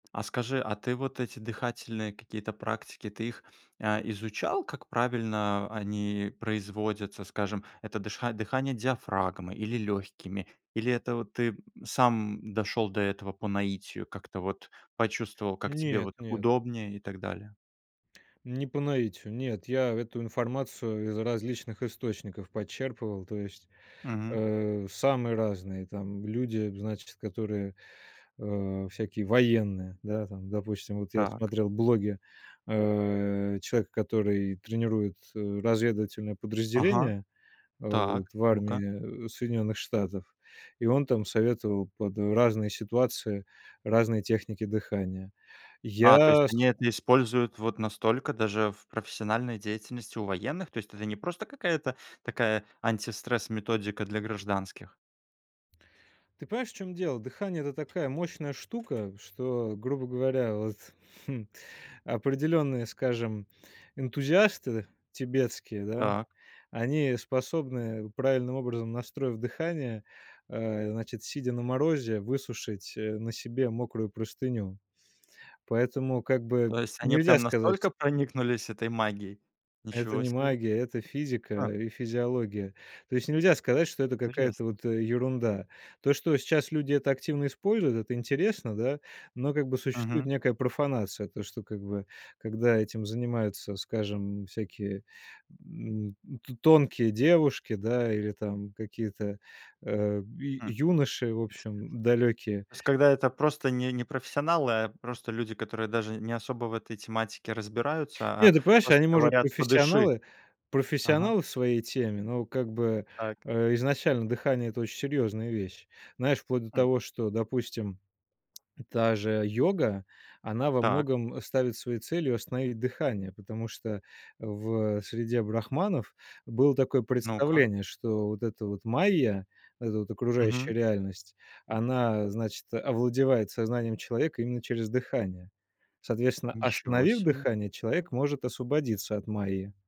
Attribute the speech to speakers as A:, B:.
A: А скажи, а ты вот эти дыхательные какие-то практики, ты их, э, изучал, как правильно они производятся? Скажем, это дыша дыхание диафрагмой или лёгкими, или это вот ты, м, сам дошёл до этого по наитию, как-то вот почувствовал, как тебе
B: Нет,
A: вот
B: нет.
A: удобнее и так далее?
B: Не по наитию, нет, я эту информацию из различных источников почерпывал. То есть,
A: Мгм.
B: э, самые разные там люди, значит, которые, э, всякие военные. Да, там, допустим, вот я
A: Так.
B: смотрел блоги, э, человека, который тренирует, э, разведывательное
A: Ага.
B: подразделение, э, вот
A: Так,
B: в
A: ну-ка.
B: армии Соединённых Штатов, и он там советовал под разные ситуации разные техники дыхания.
A: А, то есть
B: Я с
A: они это используют вот настолько даже в профессиональной деятельности у военных? То есть это не просто какая-то такая антистресс-методика для гражданских.
B: Ты понимаешь, в чём дело? Дыхание- это такая мощная штука, что, грубо говоря, вот, хм, определённые, скажем, энтузиасты тибетские, да,
A: Так.
B: они способны, правильным образом настроив дыхание, э, значит, сидя на морозе, высушить, э, на себе мокрую простыню. Поэтому, как бы,
A: То есть они
B: нельзя
A: прям
B: сказать
A: настолько проникнулись этой магией.
B: Это
A: Ничего
B: не
A: себе.
B: магия, это физика
A: Ха.
B: и физиология. То есть нельзя сказать, что это какая-то
A: Интересно.
B: вот, э, ерунда. То, что сейчас люди это активно используют,- это интересно, да, но как бы существует
A: Мгм.
B: некая профанация. То, что, как бы, когда этим занимаются, скажем, всякие, м, то тонкие девушки, да, или там какие-то, э, ю
A: М.
B: юноши, в
A: Интересно.
B: общем, далёкие.
A: То есть когда это просто не не профессионалы, а просто люди, которые даже не особо в этой тематике разбираются,
B: Нет,
A: а
B: ты понимаешь,
A: просто
B: они, может
A: говорят:
B: быть,
A: "Подыши".
B: профессионалы
A: Ага.
B: профессионалы в своей теме, но, как бы,
A: Так.
B: э, изначально дыхание- это очень серьезная вещь. Знаешь, вплоть до
A: Хм.
B: того, что, допустим, та же йога, она во
A: Так.
B: многом ставит своей целью остановить дыхание, потому что в, э, среде брахманов было такое
A: Ну-ка.
B: представление, что вот эта вот Майя, вот эта вот
A: Мгм.
B: окружающая реальность, она, значит, овладевает сознанием человека именно через дыхание. Соответственно,
A: Ничего
B: остановив
A: себе.
B: дыхание, человек может освободиться от Майи.